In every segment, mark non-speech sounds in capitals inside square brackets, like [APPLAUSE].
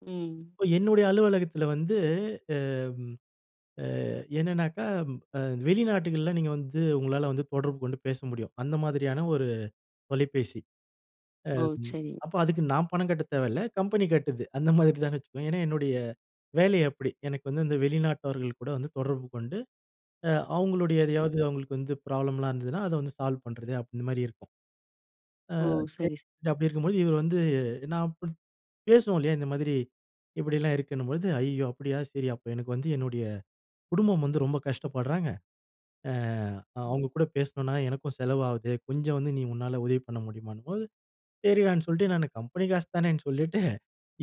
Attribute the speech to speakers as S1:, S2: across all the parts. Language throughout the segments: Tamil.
S1: ம்.
S2: இப்போ என்னுடைய அலுவலகத்தில வந்து அம், அ என்னன்னாக்கா, அ வெளிநாடுகள்ல நீங்க வந்து உங்களால வந்து தொடர்பு கொண்டு பேச முடியும். அந்த மாதிரியான ஒரு தொலைபேசி.
S1: ஓ!
S2: அம்
S1: சரி.
S2: அப்ப அதுக்கு நான் பணம் கட்டத் தேவல்ல. கம்பெனி கட்டுது. அந்த மாதிரி தாங்க ஏன்னா, என்னுடைய வேலை அப்பிடி. எனக்கு வந்து இந்த வெளிநாட்டவர்கள் கூட வந்து தொடர்பு கொண்டு அ அவுங்களுடைய
S1: ம்.
S2: எதையாவது அவங்களுக்கு வந்து ப்ராப்ளம் எல்லாம் இருந்ததுன்னா அத வந்து சால்வ் பண்றது அப்பிடி இந்த மாதிரி இருக்கும். அ
S1: ஓ!
S2: [UNINTELLIGIBLE]
S1: சரி, சரி.
S2: அப்பிடி இருக்கும்பொழுது இவரு வந்து நான் [UNINTELLIGIBLE] பேசுவோம் இல்லயா! இந்த மாதிரி இப்பிடிலாம் இருக்குன்னும் பொழுது "ஐயயோ! அப்பிடியா சரி! அப்ப எனக்கு வந்து என்னுடைய குடும்பம் வந்து ரொம்ப கஷ்டப்படுறாங்க. அ
S1: ம்.
S2: அவுங்க கூட பேசினனா எனக்கும் செலவாகுது கொஞ்சம் வந்து நீ உன்னால உதவி பண்ண முடியுமான்னும்போது." சரிடான்னு சொல்லிட்டு நான் கம்பெனி காசு தானேன்னு சொல்லிட்டு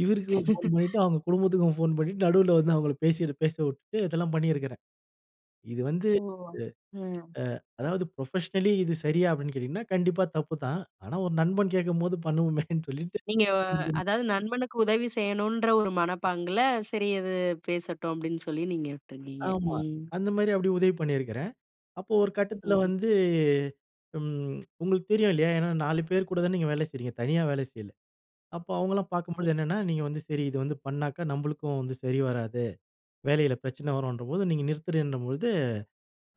S2: இவருக்கும் ஃபோன் பண்ணிட்டு
S1: [LAUGHS]
S2: அவுங்க குடும்பத்துக்கும் ஃபோன் பண்ணிட்டு நடுவுல வந்து அவங்கள பேசி பேச விட்டு இதெல்லாம் பண்ணியிருக்கிறேன். இது வந்து
S1: ஓ!
S2: அ,
S1: ம்.
S2: ஆ அதாவது ஃபுரொபஷனலி இது சரியா? அப்பிடின்னு கேட்டீங்கன்னா, கண்டிப்பா தப்பு தான். ஆனா ஒரு நண்பன் கேக்கும்போது பண்ணுவோமேன்னு சொல்லிட்டு.
S1: நீங்க,
S2: [UNINTELLIGIBLE]
S1: அதாவது நண்பனுக்கு உதவி செய்யணுன்ற ஒரு மனப்பாங்கில சரி அது பேசட்டும் அப்பிடின்னு சொல்லி நீங்க விட்டுருவீங்க.
S2: ஆமா.
S1: ம்.
S2: அந்த மாதிரி அப்பிடி உதவி பண்ணியிருக்கிறேன். அப்போ ஒரு கட்டத்தில
S1: ம்.
S2: வந்து ம் உங்களுக்கு தெரியும் இல்லயா! ஏன்னா 4 பேர் கூட தானே நீங்க வேலை செய்றீங்க. தனியா வேலை செய்யல. அப்போ அவுங்களலாம்
S1: ம்.
S2: பார்க்கும்போது என்னன்னா, நீங்க வந்து சரி இத வந்து பண்ணாக்கா நம்மளுக்கும் வந்து சரி வராது, வேலையில பிரச்சனை வரும்ன்றப்போது, நீங்க நிறுத்துறேன்றபொழுது,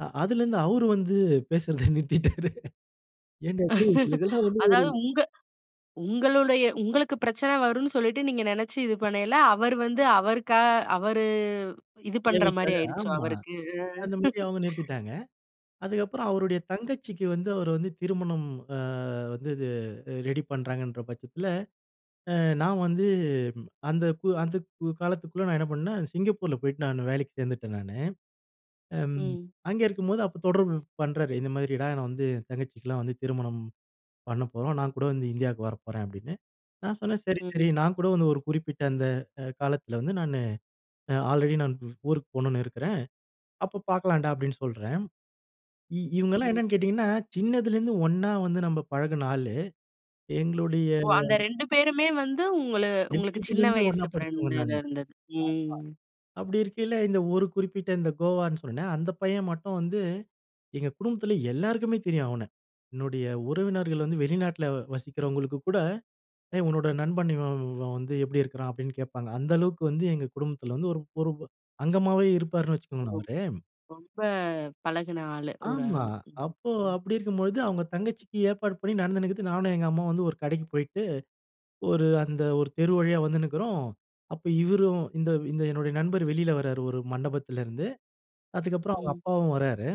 S2: அ அதிலேருந்து அவரு வந்து பேசுறத நிறுத்திட்டாரு. ஏன்டா! டேய் உங்களுக்கெல்லாம்
S1: [LAUGHS]
S2: வந்து ஒரு
S1: அதாவது உங்க உங்களுடைய உங்களுக்கு பிரச்சனை வருன்னு சொல்லிட்டு நீங்க நெனச்சு இது பண்ணயில, அவரு வந்து அவருக்கா அவரு இது
S2: தேவைக்காக
S1: பண்றமாரியா ஆயிருச்சோ!
S2: ஆமா
S1: அவருக்கு. ம்
S2: அந்தமாரி அவுங்க
S1: [LAUGHS]
S2: நிறுத்திட்டாங்க. அதுக்கப்பறம் அவருடைய தங்கச்சிக்கு வந்து அவரு வந்து திருமணம் அ வந்து இது ரெடி பண்றாங்கன்ற பட்சத்தில அ நான் வந்து அந்த, கு அந்த காலத்துக்குள்ள நான் என்ன பண்ணேன், சிங்கப்பூர்ல போயிட்டு நான் வேலைக்கு சேர்ந்துட்டேன் நானு. அம்
S1: ம்.
S2: அங்கே இருக்கும்போது அப்போ தொடர்பு பண்றாரு. இந்த மாதிரி நான் வந்து என் தங்கச்சிக்கு எல்லாம் வந்து திருமணம் பண்ணப்போறோம். நான் கூட வந்து இந்தியாவுக்கு வரப்போறேன் அப்பிடின்னு. நான் சொன்னேன் "சரி, சரி
S1: ம்.
S2: நான் கூட வந்து ஒரு குறிப்பிட்ட அந்த அ காலத்தில வந்து நான் அ ஆல்ரெடி நான் ஊருக்கு போணுன்னு இருக்கிறேன். அப்போ பார்க்கலான்டா!" அப்பிடின்னு சொல்றேன். இ இவுங்க எல்லாம்
S1: ம்.
S2: என்னன்னு கேட்டீங்கன்னா, சின்னதில இருந்து ஒண்ணா வந்து நம்ம பழகின ஆளு எங்களுடைய
S1: ஓ! அந்த 2 பேருமே வந்து உங்கள உங்களுக்கு
S2: எல்கேஜில
S1: சின்ன
S2: இருந்து
S1: வயசு
S2: ஒண்ணா படிச்சவங்க
S1: ஃபிரெண்டுனு
S2: நானு [UNINTELLIGIBLE]
S1: இருந்தது. ம்.
S2: அப்பிடி இருக்கையில இந்த ஒரு குறிப்பிட்ட இந்த கோவான்னு சொன்னனே அந்த பையன் மட்டும் வந்து எங்க குடும்பத்தில எல்லோருக்குமே தெரியும் அவன. என்னுடைய உறவினர்கள் வந்து வெளிநாட்ல வசிக்கிறவங்களுக்கு கூட, "ஏய்! உன்னோட நண்பன் இவன், இவன் வந்து எப்பிடி இருக்கான்?" அப்பிடின்னு கேப்பாங்க. அந்த அளவுக்கு வந்து எங்க குடும்பத்தில வந்து ஒரு ஒரு அங்கமாவே இருப்பார்ன்னு
S1: ஓ!
S2: வச்சுக்கோங்களேன்.
S1: [UNINTELLIGIBLE]
S2: அவரு.
S1: ரொம்ப பழகுன ஆளு. ஒரு
S2: ஆமா.
S1: ஆளு.
S2: அப்போ
S1: ம்.
S2: அப்பிடி இருக்கும் பொழுது அவுங்க தங்கச்சிக்கு ஏற்பாடு பண்ணி நடந்துன்னு இருக்குது. நானும் எங்க அம்மாவும் வந்து ஒரு கடைக்கு போயிட்டு ஒரு அந்த ஒரு தெரு வழியா வந்துன்னு இருக்கிறோம். அப்ப இவரும் இந்த, இந்த என்னுடைய நண்பர் வெளியில வர்றாரு ஒரு மண்டபத்திலிருந்து, அதுக்கு அப்புறம் அவுங்க
S1: ம்.
S2: அப்பாவும் வர்றாரு.